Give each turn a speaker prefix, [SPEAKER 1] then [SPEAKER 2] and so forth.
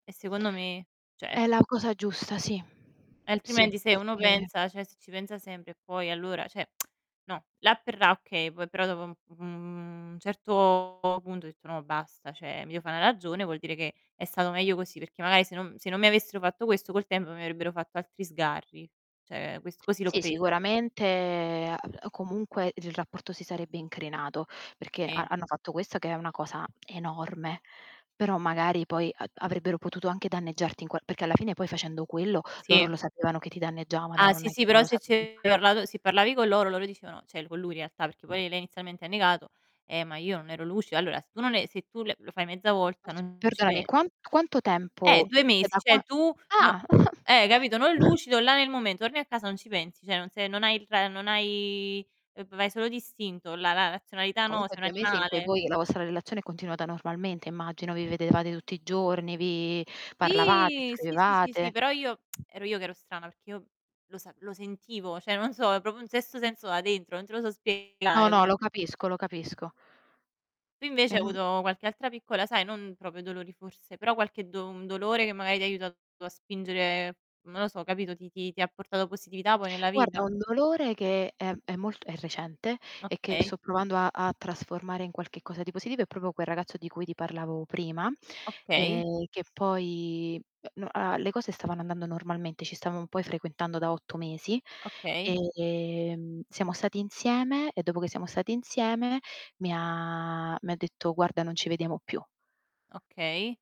[SPEAKER 1] E secondo me, cioè
[SPEAKER 2] È la cosa giusta, sì. Sì,
[SPEAKER 1] Altrimenti se uno
[SPEAKER 2] perché
[SPEAKER 1] pensa cioè se ci pensa sempre e poi allora, cioè no; là per là, okay, poi però dopo un u un certo punto ho detto: "No basta, cioè mi devo fa' 'na ragione, vuol dire che è stato meglio così", perché magari se non se non mi avessero fatto questo col tempo mi avrebbero fatto altri sgarri. Cioè quest così l'ho
[SPEAKER 2] Sì,
[SPEAKER 1] presa.
[SPEAKER 2] sicuramente, ah, b comunque il r rapporto si sarebbe incrinato perché ha
[SPEAKER 1] Sì.
[SPEAKER 2] hanno fatto questo che è una cosa enorme, però magari poi a avrebbero potuto anche danneggiarti in qual perché alla fine poi facendo quello loro
[SPEAKER 1] Sì.
[SPEAKER 2] lo sapevano che ti danneggiavano,
[SPEAKER 1] Ah
[SPEAKER 2] non
[SPEAKER 1] sì,
[SPEAKER 2] è
[SPEAKER 1] sì,
[SPEAKER 2] che non
[SPEAKER 1] però
[SPEAKER 2] lo
[SPEAKER 1] se ci
[SPEAKER 2] sapeva
[SPEAKER 1] avevi parlato se parlavi co' loro, loro dicevano, cioè l co' lui in realtà, perché poi lei inizialmente ha negato: "Eh ma io non ero lucido". Allora se tu non e se tu le lo fai mezza volta
[SPEAKER 2] [unintelligible]
[SPEAKER 1] non ci
[SPEAKER 2] Perdonami,
[SPEAKER 1] pe
[SPEAKER 2] quan quanto tempo?
[SPEAKER 1] Eh! 2
[SPEAKER 2] Cioè
[SPEAKER 1] mesi,
[SPEAKER 2] da quan
[SPEAKER 1] cioè tu, n
[SPEAKER 2] ah!
[SPEAKER 1] eh, capito, non lucido là nel momen torni a casa non ci pensi, cioè non se non hai il ra non hai v vai solo d'istinto, la la razionalità no,
[SPEAKER 2] Comunque
[SPEAKER 1] sei un
[SPEAKER 2] 2 mesi in cui
[SPEAKER 1] animale.
[SPEAKER 2] voi la vostra relazione è continuata normalmente, immagino, vi vedevate tutti i giorni, vi parlavate,
[SPEAKER 1] Sì, sì, sì, sì,
[SPEAKER 2] scrivevate
[SPEAKER 1] sì, però io ero io che ero strana perché io lo sap lo sentivo, cioè non so, è proprio un sesto senso da dentro, non te lo so
[SPEAKER 2] No,
[SPEAKER 1] spiegare
[SPEAKER 2] no, lo
[SPEAKER 1] come.
[SPEAKER 2] capisco, lo capisco.
[SPEAKER 1] Tu invece hai
[SPEAKER 2] Ehm
[SPEAKER 1] avuto qualche altra piccola sai non proprio dolori forse, però qualche do un dolore che magari ti ha aiutato a spingere, non lo so, capito, ti ti ti ha portato positività poi nella
[SPEAKER 2] Guarda,
[SPEAKER 1] vita?
[SPEAKER 2] un dolore che è è molt è recente e che
[SPEAKER 1] Okay.
[SPEAKER 2] sto provando a a trasformare in qualche cosa di positivo è proprio quel ragazzo di cui ti parlavo prima,
[SPEAKER 1] Okay.
[SPEAKER 2] ehm, che poi uhm, n ah, le cose stavano andando normalmente, ci stavamo poi frequentando da 8 mesi;
[SPEAKER 1] Okay.
[SPEAKER 2] e, mhmm, siamo stati insieme e dopo che siamo stati insieme mi ha mi ha detto: "Guarda, non ci vediamo più".
[SPEAKER 1] Okay.